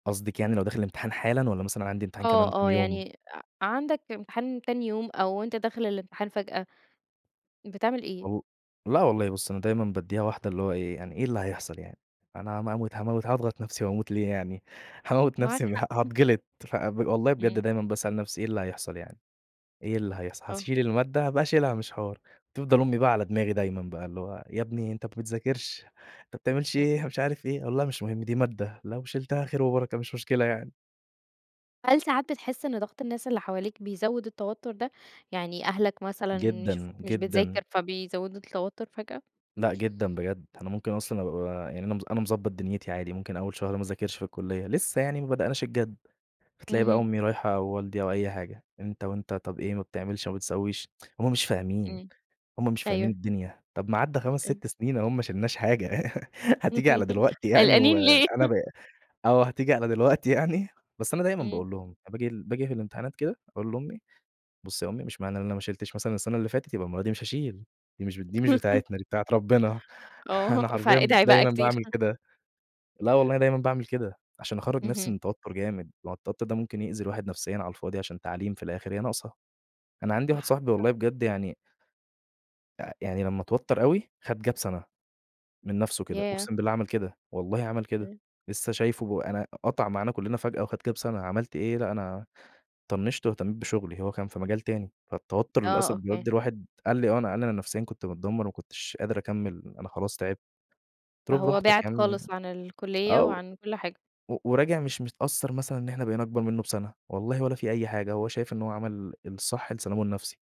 قصدِك يعني لو داخل الامتحان حالًا، والّا مثلًا عندي امتحان كمان آه، كام آه يوم؟ يعني ع عندك امتحان تاني يوم، أو أنت داخل الامتحان فجأة، بتعمل إيه؟ والل لأ، والله بُصي أنا دايمًا بادِّيها واحدة، اللي هو إيه يعني إيه اللي هيحصل يعني، أنا ما أموت هاموت هاضغط نفْسي وأموت ليه يعني؟ هاموّت معاك نفْسي ه حق، [unintelligible] هاتجلط ف ب والله بجد إمم. دايمًا باسأل نفْسي إيه اللي هيحصل يعني؟ إيه اللي هيحصل! آه. هتشيل المادة هابقى أشيلها مش حوار، تفضل أمي بقى على دماغي دايمًا بقى، اللي هو "يا ابني أنت ما بتذاكِرش، أنت ما بتعملش امم. إيه،" مش عارف إيه، أقول لها: "مش مُهم، دي مادة لو شِلتها خير وبركة مش مشكلة يعني." هل ساعات بتحس إن ضغط الناس اللي حواليك بيزود التوتر ده؟ يعني أهلك مثلًا جدًا، يشوفوك مش جدًا. بتذاكِر، فبيزودوا التوتر فجأة؟ لأ، جدًا بجد، أنا ممكن أصلًا أبقي ب يعني أنا أنا مضبط دنيتي عادي، ممكن أول شهر ما أذاكِرش في الكُلّيّة، لسه يعني ما بدأناش الجد، هتلاقي بقى اهم. أمي رايحة والدي أو أي حاجة، أنت وأنت طَب إيه ما بتعملش ما بتسويش، هُم مش فاهمين، إمم، هُم مش فاهمين أيوه. الدنيا، طَب ما عدّا خمس، أيوه. ست سنين أهُم ما شيلناش حاجة، حتيجي على دلوقتي يعني و قلقانين ليه؟ أنا ب أو حتيجي على دلوقتي يعني، بس أنا دايمًا إمم. باقول لهم، أنا باجي باجي في الامتحانات كده أقول لأمي: "بُصي يا أمي مش معنى إن أنا ما شيلتش مثلًا السنة اللي فاتت، يبقى المرة دي مش هاشيل، دي مش دي مش بتاعتنا دي بتاعة ربنا" آه أنا حرفيًا فادعي بقى دايمًا كتير. باعمل كده، لا والله أنا دايمًا باعمل كده، عشان أخرج نفْسي اهم. من التوتر جامد، ما هو التوتر ده ممكن يأذي الواحد نفسيًا على الفاضي عشان تعليم في الآخر هي ناقصة، أنا عندي واحد صح، صاحبي والله صح. بجد يعني آآ يعني لما اتوتر أوي خد Gap سنة، من نفسُه كده، ياه! أقُسم بالله عمل كده، والله عمل كده، إمم. لسه شايفُه أنا قطع معانا كُّلنا فجأة، وخد Gap سَنة، عملت إيه، لأ، أنا طنشت وأهتميت بشُغلي، هو كان في مجال تاني، فالتوتر آه، للأسف أوكي. بيودّي الواحد قال لي: "آه، أنا أنا نفسيًا كنت متدمر ما كنتش قادر أكمل أنا خلاص تعبت،" قُلت له فهو براحتك بعِد يعني خالص عن الكُلِّيَّة، آه و وعن كُلّ حاجة. و وراجع مش متأثّر مثلًا إن إحنا بقينا أكبر منه بسنة، والله ولا في أي حاجة، هو [unintelligible] شايف إن هو عمل ال الصح لسلامُه النفسي.